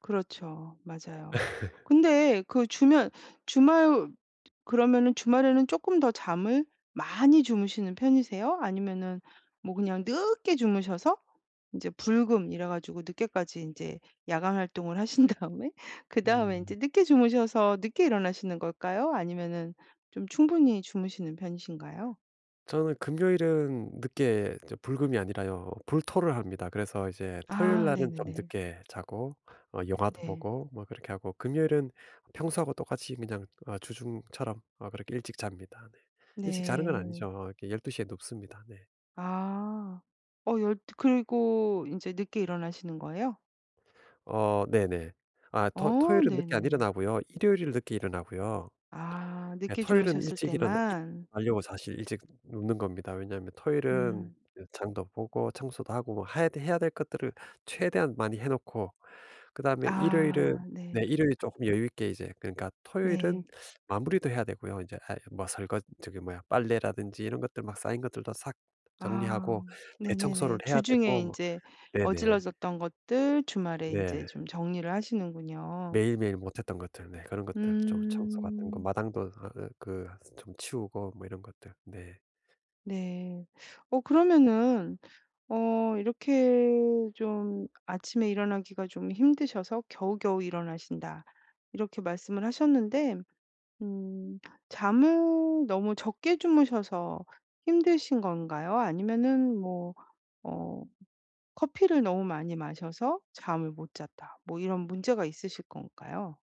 그렇죠. 맞아요. 근데 그 주면 주말 그러면은 주말에는 쪼끔 더 잠을 많이 주무시는 편이세요? 아니면은 뭐 그냥 늦게 주무셔서 이제 불금 이래 가지고 늦게까지 인제 야간 활동을 하신 다음에 그 다음에 음. 이제 늦게 주무셔서 늦게 일어나시는 걸까요? 아니면은 좀 충분히 주무시는 편이신가요? 저는 금요일은 늦게 저 불금이 아니라요 불토를 합니다. 그래서 이제 토요일 아 날은 좀 네네네. 늦게 자고 어 영화도 네. 보고 뭐 그렇게 하고 금요일은 평소하고 똑같이 그냥 어 주중처럼 어 그렇게 일찍 잡니다, 네. 일찍 자는 건 네. 아니죠. 이렇게 12:00 에 눕습니다, 네. 아. 어 열두 그리고 인제 늦게 일어나시는 거예요? 어 네네. 아 토 어. 토요일은 늦게 안 네네네. 일어나고요. 일요일을 늦게 일어나고요. 아. 예 늦게 토요일은 주무셨을 일찍 때만. 일어나려고 사실 일찍 눕는 겁니다. 왜냐하면 토요일은 음. 장도 보고 청소도 하고 해야 될 해야 될 것들을 최대한 많이 해놓고 그다음에 일요일은 아 네. 네. 일요일 쪼끔 여유 있게 이제 그러니까 토요일은 네. 마무리도 해야 되고요. 이제 아 뭐 설거 저기 뭐야 빨래라든지 이런 것들 막 쌓인 것들도 싹 아. 정리하고 대청소를 네네네. 해야 주중에 되고 뭐 인제 네네. 어질러졌던 것들 주말에 인제 네. 좀 정리를 하시는군요. 매일매일 못했던 것들 네 그런 것들 좀 청소 같은 거 음. 마당도 어 그 좀 치우고 뭐 이런 것들. 네. 네. 어 그러면은 어 이렇게 좀 아침에 일어나기가 좀 힘드셔서 겨우겨우 일어나신다. 이렇게 말씀을 하셨는데 음. 잠을 너무 적게 주무셔서 힘드신 건가요? 아니면은 뭐 어 커피를 너무 많이 마셔서 잠을 못 잤다. 뭐 이런 문제가 있으실 건가요?